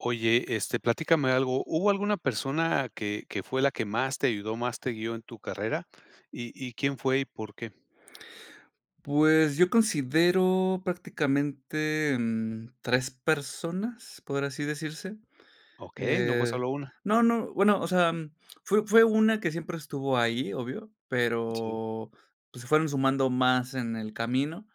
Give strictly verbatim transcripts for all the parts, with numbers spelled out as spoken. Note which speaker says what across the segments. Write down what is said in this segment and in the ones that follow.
Speaker 1: Oye, este, platícame algo, ¿hubo alguna persona que que fue la que más te ayudó, más te guio en tu carrera? ¿Y y quién fue, y por qué?
Speaker 2: Pues yo considero prácticamente, mm, tres personas, por así decirse.
Speaker 1: Okey, no fue
Speaker 2: Eh,
Speaker 1: solo una.
Speaker 2: no, no, bueno, o sea, fue fue una que siempre estuvo ahí, obvio,
Speaker 1: Sí.
Speaker 2: pero, pues se fueron sumando más en el camino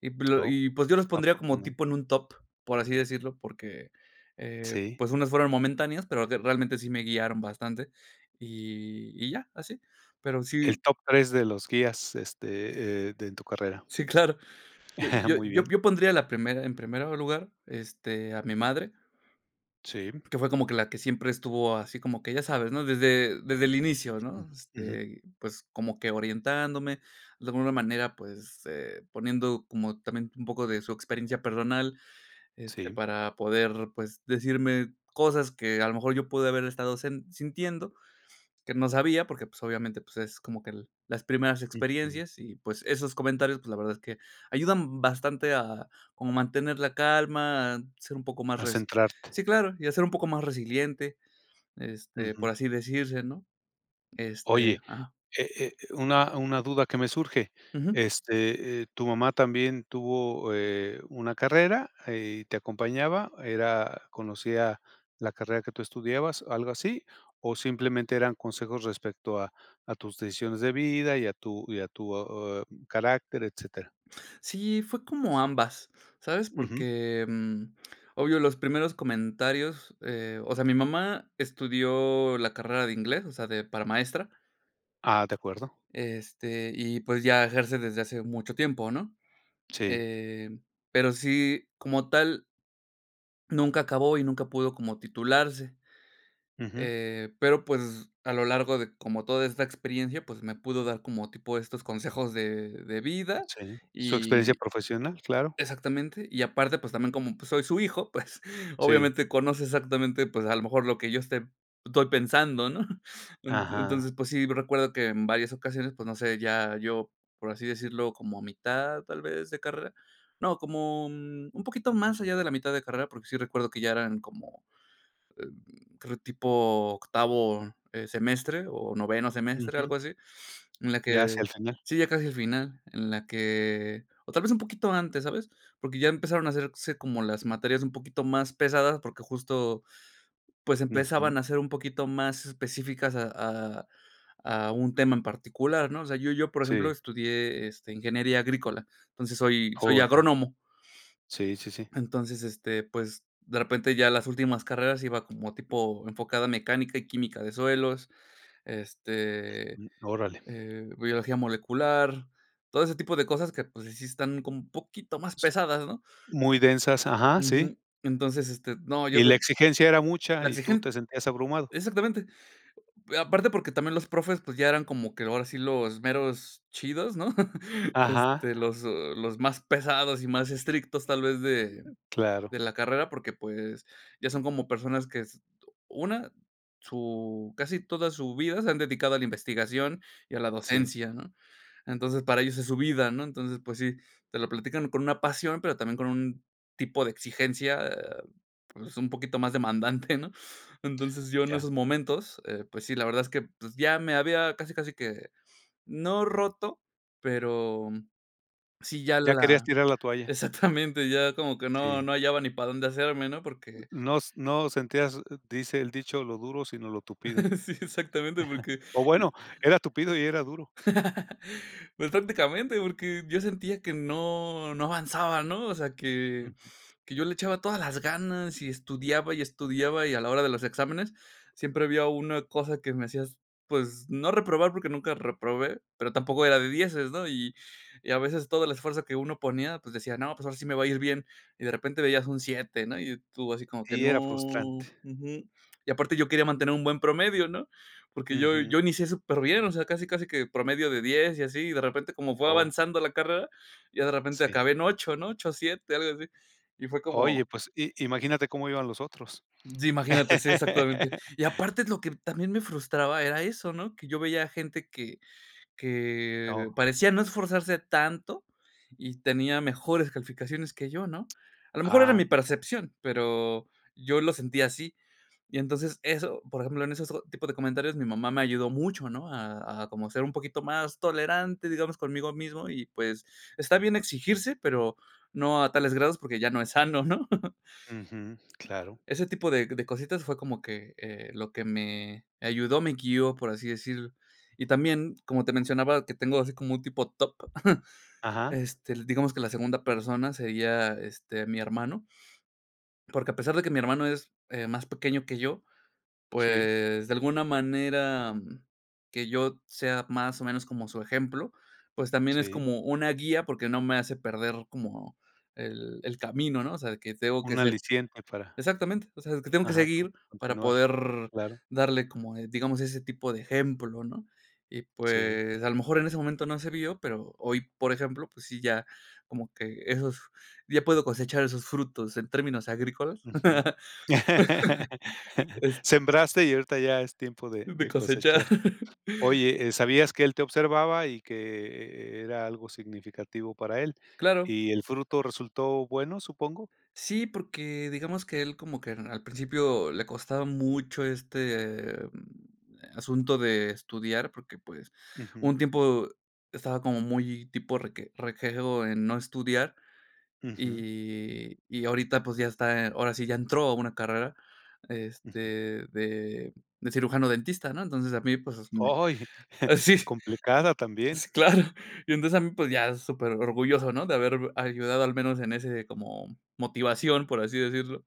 Speaker 2: Y p l
Speaker 1: Oh,
Speaker 2: y, pues yo los pondría como
Speaker 1: afortuna
Speaker 2: tipo en un top, por así decirlo, porque, eh,
Speaker 1: Sí.
Speaker 2: pues unas fueron momentáneas, pero de realmente sí me guiaron bastante. Y y ya, así. Pero
Speaker 1: El
Speaker 2: sí.
Speaker 1: top tres de los guías, este, eh, de en tu carrera.
Speaker 2: Sí, claro. Eh, yo
Speaker 1: Muy bien.
Speaker 2: yo yo pondría la primera en primer lugar, este, a mi madre
Speaker 1: Sí.
Speaker 2: que fue como que la que siempre estuvo así como que ya sabes, ¿no? Desde desde el inicio,
Speaker 1: Mm,
Speaker 2: ¿no?
Speaker 1: ujú.
Speaker 2: Este, pues como que orientándome, de alguna manera pues, eh, poniendo como también un poco de su experiencia personal, este,
Speaker 1: Sí.
Speaker 2: para poder pues decirme cosas que a lo mejor yo pude haber estado hacie sintiendo, que no sabía porque pues obviamente pues es como que el las primeras
Speaker 1: Ujú.
Speaker 2: experiencias y pues esos comentarios pues la verdad es que ayudan bastante a, como mantener la calma, a ser un poco más
Speaker 1: A
Speaker 2: resi
Speaker 1: centrarte.
Speaker 2: sí claro y a ser un poco más resiliente, este, por
Speaker 1: Ujú.
Speaker 2: así decirse, ¿no? Este.
Speaker 1: Oye,
Speaker 2: Ajá.
Speaker 1: eh eh, una una duda que me surge,
Speaker 2: Ujú.
Speaker 1: este, eh, ¿tu mamá también tuvo eh, una carrera eh, y te acompañaba? ¿Era conocía la carrera que tú estudiabas, algo así? ¿O simplemente eran consejos respecto a a tus decisiones de vida y a tu y a tu oh, eh, carácter, etcétera?
Speaker 2: Sí, fue como ambas, ¿sabes?
Speaker 1: Ujú.
Speaker 2: Porque, mm, obvio, los primeros comentarios, eh, o sea, mi mamá estudió la carrera de inglés, o sea, de para maestra.
Speaker 1: Ah, de acuerdo.
Speaker 2: Este, y pues ya ejerce desde hace mucho tiempo, ¿no?,
Speaker 1: Sí.
Speaker 2: em, pero sí, como tal nunca acabó y nunca pudo como titularse,
Speaker 1: Ujú.
Speaker 2: eh, pero, pues a lo largo de como toda esta experiencia, pues me pudo dar como tipo estos consejos de de vida
Speaker 1: Sí, su experiencia
Speaker 2: y
Speaker 1: profesional, claro.
Speaker 2: exactamente, y aparte, pues también como pues soy su hijo, pues
Speaker 1: Sí.
Speaker 2: obviamente conoce exactamente, pues a lo mejor lo que yo esté estoy pensando, ¿no?,
Speaker 1: Ajá.
Speaker 2: entonces, pues sí, recuerdo que en varias ocasiones, pues, no sé, ya yo, por así decirlo, como mitad tal vez de carrera, no, como un poquito más allá de la mitad de carrera, porque sí recuerdo que ya eran como, eh, creo, tipo octavo, eh, semestre o noveno semestre,
Speaker 1: Ujú.
Speaker 2: algo así, en la
Speaker 1: Ya hacia
Speaker 2: que,
Speaker 1: el final.
Speaker 2: sí, ya casi al final, en la que, o tal vez un poquito antes, ¿sabes?, porque ya empezaron a hacerse como las materias un poquito más pesadas, porque justo, pues
Speaker 1: Ujú.
Speaker 2: empezaban a ser un poquito más específicas a a a un tema en particular, ¿no?, o sea, yo yo, por ejemplo,
Speaker 1: Sí.
Speaker 2: estudié, este, ingeniería agrícola, entonces, soy soy
Speaker 1: Oh ya.
Speaker 2: agrónomo.
Speaker 1: Sí, sí, sí.
Speaker 2: Entonces, este, pues, de repente ya las últimas carreras iba como tipo enfocada a mecánica y química de suelos, este,
Speaker 1: Mm, órale.
Speaker 2: eh, biología molecular, todo ese tipo de cosas que, pues, sí sí están como un poquito más
Speaker 1: S
Speaker 2: pesadas, ¿no?
Speaker 1: muy densas, ajá, sí.
Speaker 2: Ujú, entonces, este, no, yo
Speaker 1: Y la
Speaker 2: de
Speaker 1: exigencia era mucha
Speaker 2: la
Speaker 1: y tú te
Speaker 2: exigen
Speaker 1: sentías abrumado.
Speaker 2: exactamente. Eh, aparte porque también los profes, pues ya eran como que ahora sí los meros chidos, ¿no?,
Speaker 1: Ajá.
Speaker 2: este, los los más pesados y más estrictos, tal vez de, de
Speaker 1: Claro.
Speaker 2: la carrera, porque, pues, ya son como personas que s una, su casi toda su vida se han dedicado a la investigación y a la
Speaker 1: Sí.
Speaker 2: docencia, ¿no?, entonces, para ellos es su vida, ¿no?, entonces, pues sí, te lo platican con una pasión, pero también con un tipo de exigencia, eh, pues un poquito más demandante, ¿no?, entonces, yo en esos
Speaker 1: Ya.
Speaker 2: momentos, eh, pues sí, la verdad es que, pues ya me había casi, casi que, no roto, pero sí ya
Speaker 1: Ya querías
Speaker 2: la,
Speaker 1: tirar la toalla.
Speaker 2: exactamente, ya como que no
Speaker 1: Sí.
Speaker 2: no hallaba ni para dónde hacerme, ¿no?, porque,
Speaker 1: No s no sentías, dice el dicho lo duro sino lo tupido.
Speaker 2: sí, exactamente, porque,
Speaker 1: O
Speaker 2: eh,
Speaker 1: bueno, era tupido y era duro.
Speaker 2: pues prácticamente porque yo sentía que no, no avanzaba, ¿no?, o sea que,
Speaker 1: Ujú.
Speaker 2: que yo le echaba todas las ganas y estudiaba y estudiaba y a la hora de los exámenes siempre había una cosa que me hacía s pues no reprobar porque nunca reprobé, pero tampoco era de dieces, ¿no?, y y a veces todo el esfuerzo que uno ponía, pues decía: "No, pues ahora sí me va a ir bien.", y de repente veías un siete, ¿no?, y tú así como que
Speaker 1: Y
Speaker 2: "no",
Speaker 1: era frustrante.
Speaker 2: ujú, y aparte yo quería mantener un buen promedio, ¿no?, porque yo
Speaker 1: Ujú.
Speaker 2: yo inicié superbién, o sea, casi casi que promedio de diez y así, y de repente como fue
Speaker 1: Oh.
Speaker 2: avanzando la carrera, ya de repente
Speaker 1: Sí.
Speaker 2: acabé en ocho, ¿no? ocho, siete algo así, y fue
Speaker 1: Oye
Speaker 2: como,
Speaker 1: pues i imagínate cómo iban los otros.
Speaker 2: Sí, imagínate, sí, exactamente, y aparte es lo que también me frustraba era eso, ¿no?, que yo veía gente que que
Speaker 1: Oh.
Speaker 2: parecía no esforzarse tanto y tenía mejores calificaciones que yo, ¿no?, a lo mejor era
Speaker 1: Ah
Speaker 2: mi
Speaker 1: caray.
Speaker 2: percepción, pero yo lo sentía así, y entonces eso, por ejemplo, en esos tipo de comentarios mi mamá me ayudó mucho, ¿no?, a a como ser un poquito más tolerante, digamos, conmigo mismo y pues está bien exigirse, pero no a tales grados porque ya no es sano, ¿no?
Speaker 1: Ujú, claro.
Speaker 2: Ese tipo de c de cositas fue como que, eh, lo que me ayudó, me guió, por así decir, y también, como te mencionaba, que tengo así como un tipo TOC,
Speaker 1: Ajá.
Speaker 2: este, l digamos que la segunda persona sería, este, mi hermano, porque a pesar de que mi hermano es, eh, más pequeño que yo,
Speaker 1: Sí.
Speaker 2: pues, de alguna manera que yo t sea más o menos como su ejemplo, pues también es
Speaker 1: Sí.
Speaker 2: como una guía, porque no me hace perder como el el camino, ¿no?, o sea, de que tengo que
Speaker 1: Un
Speaker 2: ser
Speaker 1: aliciente para,
Speaker 2: exactamente, o sea, que tengo que
Speaker 1: Ajá, con
Speaker 2: seguir para
Speaker 1: continuar.
Speaker 2: poder
Speaker 1: Claro.
Speaker 2: darle como, digamos, ese tipo de ejemplo, ¿no?, y,
Speaker 1: Sí.
Speaker 2: pues, a lo mejor en ese momento no se vio, pero hoy, por ejemplo, pues sí, ya como que esos, ya puedo cosechar esos frutos en términos agrícolas,
Speaker 1: Ujú.
Speaker 2: es
Speaker 1: Sembraste y ahorita ya es tiempo de
Speaker 2: De
Speaker 1: de
Speaker 2: cosechar.
Speaker 1: cosechar. Oye, eh, sabías que él te observaba y que e e era algo significativo para él,
Speaker 2: Claro.
Speaker 1: ¿y el fruto resultó bueno, supongo?
Speaker 2: Sí, porque digamos que él como que en al principio le costaba mucho este asunto de estudiar porque, pues, hubo un
Speaker 1: Ujú.
Speaker 2: tiempo estaba como muy tipo reque rejego en no estudiar
Speaker 1: Ujú.
Speaker 2: y, y ahorita, pues, ya está, en ahora sí, ya entró a una carrera,
Speaker 1: Ujú.
Speaker 2: este, de de cirujano dentista, ¿no?, entonces, a mí, pues, me
Speaker 1: Ay,
Speaker 2: ah sí,
Speaker 1: complicada también.
Speaker 2: Sí claro, y entonces, a mí, pues, ya superorgulloso, ¿no?, de haber ayudado al menos en ese como motivación, por así decirlo,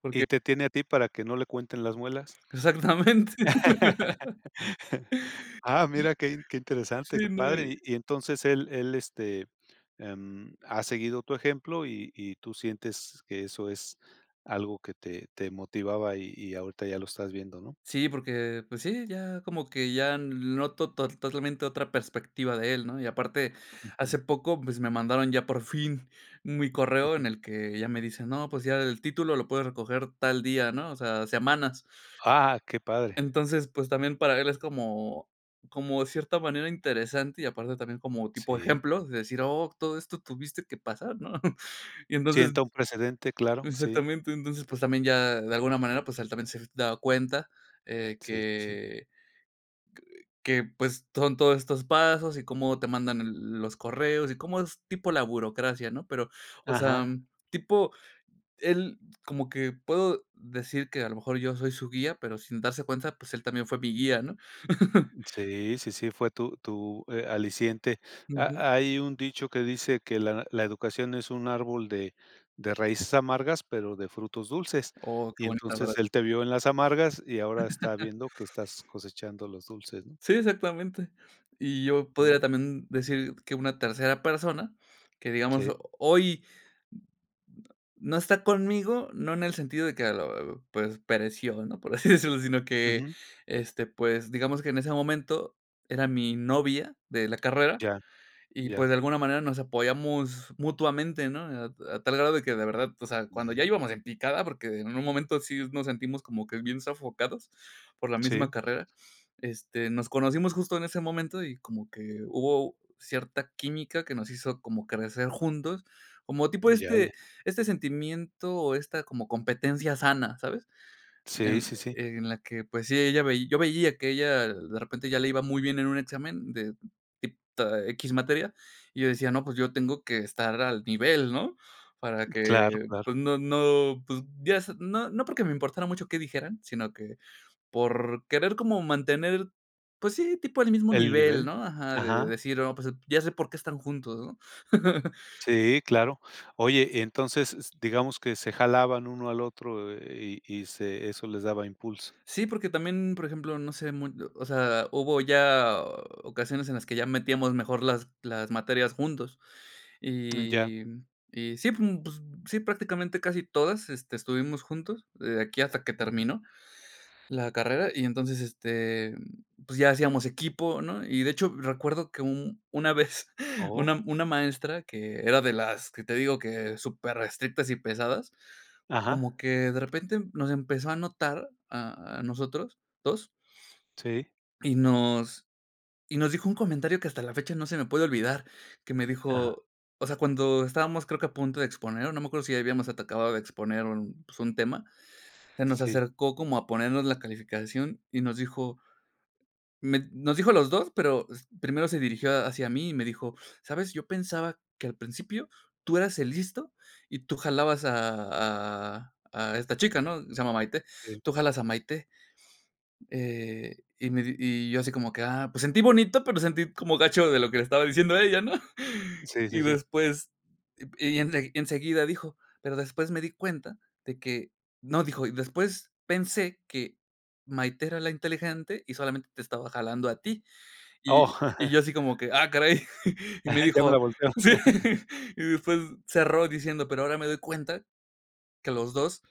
Speaker 2: porque
Speaker 1: ¿Y te tiene a ti para que no le cuenten las muelas?
Speaker 2: Exactamente.
Speaker 1: Ah, mira qué in qué interesante,
Speaker 2: Sí,
Speaker 1: qué
Speaker 2: no, y
Speaker 1: padre, y y entonces él él, este, em, ha seguido tu ejemplo y y tú sientes que eso es algo que te te motivaba y y ahorita ya lo estás viendo, ¿no?
Speaker 2: Sí, porque, pues sí, ya como que ya lo noto tol totalmente otra perspectiva de él, ¿no?, y aparte, hace
Speaker 1: Ujú.
Speaker 2: poco, pues me mandaron ya por fin mi correo
Speaker 1: Ujú.
Speaker 2: en el que ya me dicen, no, pues ya el título lo puedes recoger tal día, ¿no?, o sea, semanas.
Speaker 1: Ah, qué padre.
Speaker 2: Entonces, pues también para él es como, como de cierta manera interesante y aparte también como tipo
Speaker 1: Sí.
Speaker 2: ejemplo de decir: "Oh, todo esto tuviste que pasar.", ¿no?, y entonces,
Speaker 1: Sienta un precedente, claro, sí.
Speaker 2: exactamente, entonces, pues también ya de alguna manera, pues él también se ha dado cuenta, eh,
Speaker 1: Sí, sí, sí.
Speaker 2: que que, pues, son todos estos pasos y cómo te mandan e los correos y cómo es tipo la burocracia, ¿no?, pero, o sea,
Speaker 1: Ajá.
Speaker 2: tipo él como que puedo decir que a lo mejor yo soy su guía, pero sin darse cuenta, pues él también fue mi guía, ¿no?
Speaker 1: Sí, sí, sí fue tu tu, eh, aliciente.
Speaker 2: Ujú.
Speaker 1: Ha hay un dicho que dice que la la educación es un árbol de de raíces amargas, pero de frutos dulces,
Speaker 2: Oh, qué
Speaker 1: y
Speaker 2: bonita frase.
Speaker 1: entonces él te vio en las amargas y ahora está viendo que estás cosechando los dulces, ¿no?
Speaker 2: Sí, exactamente. Y yo podría
Speaker 1: Mm.
Speaker 2: también decir que una tercera persona, que digamos
Speaker 1: Sí.
Speaker 2: hoy n no está conmigo, no en el sentido de que, pues, pereció, ¿no?, por así decirlo, sino que,
Speaker 1: Ujú.
Speaker 2: este, pues, digamos que en ese momento era mi novia de la carrera,
Speaker 1: Ya,
Speaker 2: y,
Speaker 1: ya.
Speaker 2: pues, de alguna manera nos apoyamos mutuamente, ¿no?, a a tal grado de que de verdad, o sea, cuando ya
Speaker 1: Ujú.
Speaker 2: íbamos en picada, porque en un momento sí s nos sentimos como que bien sofocados por la
Speaker 1: Sí.
Speaker 2: misma carrera, este, nos conocimos justo en ese momento y como que hubo cierta química que nos hizo como crecer juntos, como tipo
Speaker 1: Ya,
Speaker 2: este
Speaker 1: ya.
Speaker 2: este sentimiento o esta como competencia sana, ¿sabes?,
Speaker 1: Sí,
Speaker 2: en
Speaker 1: sí, sí.
Speaker 2: en la que, pues sí, ella veí yo veía que ella de repente ya le iba muy bien en un examen de tip eh, equis materia, y yo decía: "No, pues yo tengo que estar al nivel.", ¿no?, para
Speaker 1: Claro,
Speaker 2: que,
Speaker 1: claro.
Speaker 2: pues no no, pues, ya s no no porque me importara mucho qué dijeran, sino que por querer como mantener, pues sí, tipo el mismo
Speaker 1: ¿El
Speaker 2: nivel,
Speaker 1: nivel?
Speaker 2: ¿no?, ajá, de
Speaker 1: Ajá.
Speaker 2: decir: "Oh, pues ya sé por qué están juntos", ¿no?
Speaker 1: Sí, claro. Oye, entonces s digamos que se jalaban uno al otro e y y se eso les daba impulso.
Speaker 2: Sí, porque también, por ejemplo, no sé, mu o sea, hubo ya ocasiones en las que ya metíamos mejor las las materias juntos,
Speaker 1: Mm. Ya.
Speaker 2: y y sí, pues n pues sí, prácticamente casi todas, este, estuvimos juntos de aquí hasta que
Speaker 1: Ujú.
Speaker 2: terminó la carrera y entonces, este, pues ya hacíamos equipo, ¿no, y de hecho, recuerdo que u una vez
Speaker 1: Oh.
Speaker 2: una una maestra que era de las que te digo que superestrictas y pesadas,
Speaker 1: Ajá.
Speaker 2: como que de repente nos empezó a notar a a nosotros dos.
Speaker 1: Sí.
Speaker 2: Y nos y nos dijo un comentario que hasta la fecha no se me puede olvidar, que me
Speaker 1: Ajá.
Speaker 2: dijo, o sea, cuando estábamos creo que a punto de exponer, o no me acuerdo si habíamos atacado de exponer un, pues, un tema, se nos
Speaker 1: Sí.
Speaker 2: acercó como a ponernos la calificación y nos dijo, me nos dijo a los dos, pero s primero se dirigió hacia mí y me dijo: "¿Sabes?, yo pensaba que al principio tú eras el listo y tú jalabas a a a esta chica.", ¿no?, se llama Maite,
Speaker 1: Sí.
Speaker 2: "Tú jalas a Maité". Eh, y me di y yo así como que, "ah", pues sentí bonito, pero sentí como gacho de lo que le estaba diciendo a ella, ¿no?,
Speaker 1: Sí, sí,
Speaker 2: y
Speaker 1: sí.
Speaker 2: después y ense y enseguida dijo: "Pero después me di cuenta de que". No, dijo: "y después pensé que Maité era la inteligente y solamente te estaba jalando a ti." Y
Speaker 1: Oh.
Speaker 2: y yo así como que: "¡ah caray!" Y me
Speaker 1: Ya me la
Speaker 2: dijo
Speaker 1: volteó.
Speaker 2: sí. Y después cerró diciendo: "Pero ahora me doy cuenta que los dos,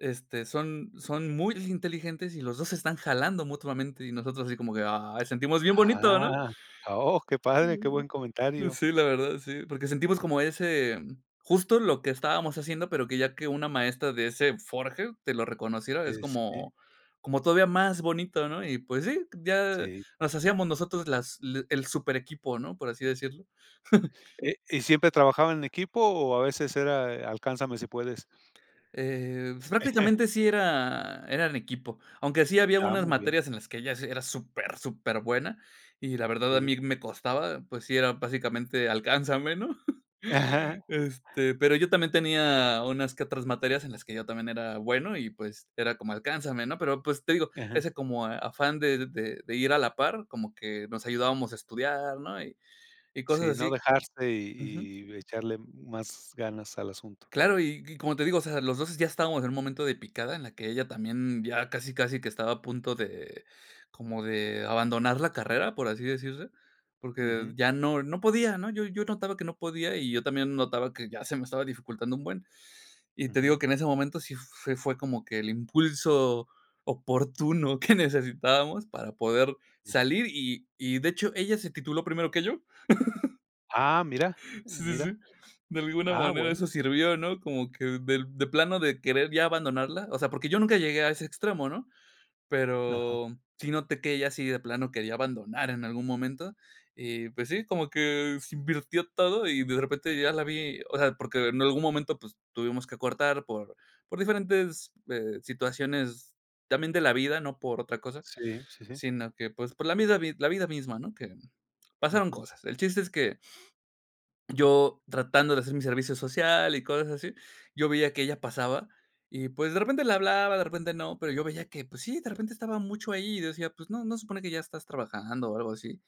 Speaker 2: este, son son muy inteligentes y los dos se están jalando mutuamente". Y nosotros así como que, "ay", sentimos bien bonito, ¿no?
Speaker 1: Ah. Oh, qué padre, qué
Speaker 2: Mm.
Speaker 1: buen
Speaker 2: Pues,
Speaker 1: comentario.
Speaker 2: sí, la verdad, sí, porque sentimos como ese justo lo que estábamos haciendo, pero que ya que una maestra de ese forje te lo reconociera, es
Speaker 1: Y sí.
Speaker 2: como, como todavía más bonito, ¿no?, y pues sí, ya
Speaker 1: Sí.
Speaker 2: nos hacíamos nosotros las l el súper equipo, ¿no?, por así decirlo.
Speaker 1: Eh, ¿Y siempre trabajaban en equipo o a veces era e alcánzame si puedes?
Speaker 2: Eh, prácticamente sí era, era en equipo, aunque sí había
Speaker 1: Ah,
Speaker 2: unas
Speaker 1: muy bien.
Speaker 2: materias en las que ella s era súper, superbuena, y la verdad a
Speaker 1: Sí.
Speaker 2: mí me costaba, pues sí era básicamente "alcánzame", ¿no?, este, pero yo también tenía unas que otras materias en las que yo también era bueno y, pues era como "alcánzame", ¿no?, pero, pues te digo,
Speaker 1: Ajá.
Speaker 2: ese como afán de de de ir a la par, como que nos ayudábamos a estudiar, ¿no?, y y cosas
Speaker 1: Sí, no
Speaker 2: así.
Speaker 1: dejarse
Speaker 2: Ujú.
Speaker 1: y y echarle más ganas al asunto.
Speaker 2: Claro y y como te digo, o sea, los dos ya estábamos en un momento de picada en la que ella también ya casi, casi que estaba a punto de, como de abandonar la carrera, por así decirse, porque
Speaker 1: Ujú.
Speaker 2: ya no no podía, ¿no?, yo yo notaba que no podía y yo también notaba que ya se me estaba dificultando un buen, y te digo
Speaker 1: Ujú.
Speaker 2: que en ese momento sí fue fue como que el impulso oportuno que necesitábamos para poder
Speaker 1: [unintelligible]
Speaker 2: salir, y y, de hecho, ella se tituló primero que yo.
Speaker 1: Ah, mira, eh,
Speaker 2: Sí, sí, sí,
Speaker 1: mira.
Speaker 2: de alguna
Speaker 1: Ah,
Speaker 2: manera
Speaker 1: bueno.
Speaker 2: eso sirvió, ¿no?, como que del de plano de querer ya abandonarla, o sea, porque yo nunca llegué a ese extremo, ¿no?,
Speaker 1: Ajá,
Speaker 2: pero sí noté que ella sí de plano quería abandonar en algún momento, y pues sí, como que se invirtió todo y de repente ya la vi, o sea, porque en algún momento, pues tuvimos que cortar por por diferentes, eh, situaciones también de la vida, no por otra cosa,
Speaker 1: Sí, sí, sí.
Speaker 2: sino que, pues, por la misma la vid la vida misma, ¿no?, que, pasaron
Speaker 1: Ujú.
Speaker 2: cosas, el chiste es que. Yo tratando de hacer mi servicio social y cosas así, yo veía que ella pasaba y, pues, de repente le hablaba, de repente no, pero yo veía que, pues, sí, de repente estaba mucho ahí y decía, pues: "No, ¿no se supone que ya estás trabajando o algo así?",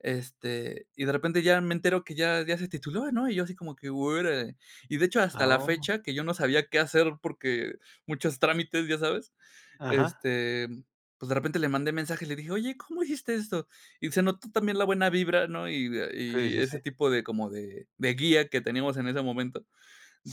Speaker 2: este, y de repente ya me entero que ya ya se tituló, ¿no?, y yo así como que: "Órale", y de hecho, hasta
Speaker 1: Ah,
Speaker 2: la
Speaker 1: oh.
Speaker 2: fecha que yo no sabía qué hacer porque muchos trámites, ¿ya sabes?,
Speaker 1: Ajá.
Speaker 2: este, pues de repente le mandé mensaje y le dije: "Oye, ¿cómo hiciste esto?", y se notó también la buena vibra, ¿no?, y de
Speaker 1: Sí,
Speaker 2: y
Speaker 1: sí, sí.
Speaker 2: ese tipo de como de de guía que teníamos en ese momento,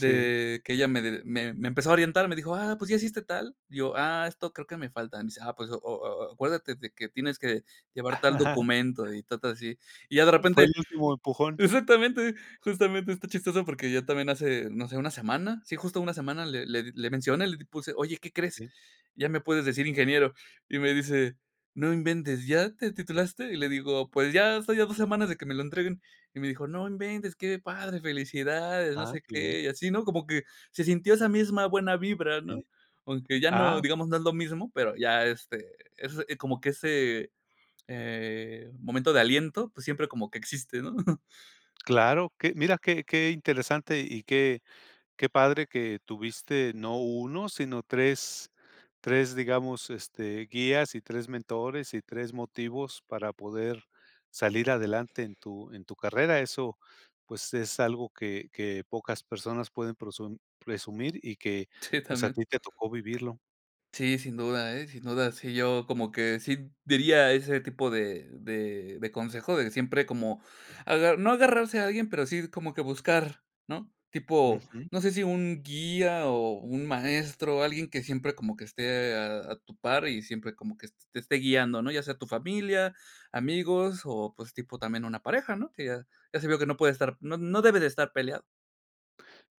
Speaker 1: Sí.
Speaker 2: que ella me d me me empezó a orientar, me dijo: "Ah, ¿pues ya hiciste tal?", y yo: "Ah, esto creo que me falta.", me dice: "Ah, pues o o a acuérdate de que tienes que llevar al documento.", y cosas así. Y ya de
Speaker 1: Fue
Speaker 2: repente
Speaker 1: el último empujón.
Speaker 2: exactamente, justamente está chistoso porque ya también hace, no sé, una semana, sí, justo una semana le le di le mencioné y le puse: "Oye, ¿qué crees?,
Speaker 1: Sí.
Speaker 2: ya me puedes decir ingeniero". Y me dice: "No inventes, ¿ya te titulaste?" Y le digo: "Pues ya estoy a dos semanas de que me lo entreguen". Y me dijo: "No inventes, qué padre, felicidades.", no
Speaker 1: Ah
Speaker 2: sé
Speaker 1: qué bien.
Speaker 2: qué, y así, ¿no?, como que se sintió esa misma buena vibra,
Speaker 1: Sí.
Speaker 2: ¿no?, aunque ya no,
Speaker 1: Ah.
Speaker 2: digamos, no es lo mismo, pero ya, este, es como que ese, eh, momento de aliento, pues siempre como que existe, ¿no?
Speaker 1: Claro que, mira qué qué interesante y qué qué padre que tuviste no uno sino tres, tres digamos este guías y tres mentores y tres motivos para poder salir adelante en tu en tu carrera, eso pues es algo que que pocas personas pueden proson presumir y que
Speaker 2: Sí,
Speaker 1: pues a
Speaker 2: también.
Speaker 1: ti te tocó vivirlo.
Speaker 2: Sí, sin duda, ¿eh?, sin duda, sí, yo como que sí diría ese tipo de de de consejo de siempre como aga no agarrarse a alguien, pero sí como que buscar, ¿no?, tipo,
Speaker 1: Ujú.
Speaker 2: no sé si un guía o un maestro, alguien que siempre como que esté a a tu par y siempre como que es te esté guiando, ¿no?, ya sea tu familia, amigos o, pues, tipo también una pareja, ¿no?, que ya ya se vio que no puede estar, no no debe de estar peleado.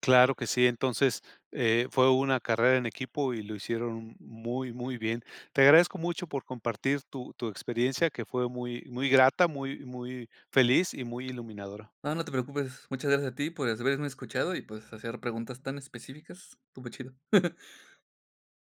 Speaker 1: Claro que sí, entonces, eh, fue una carrera en equipo y lo hicieron muy, muy bien. Te agradezco mucho por compartir tu tu experiencia, que fue muy muy grata, muy muy feliz y muy iluminadora.
Speaker 2: No, no te preocupes, muchas gracias a ti por haz haberme escuchado y, pues, hacer preguntas tan específicas. Estuvo chido.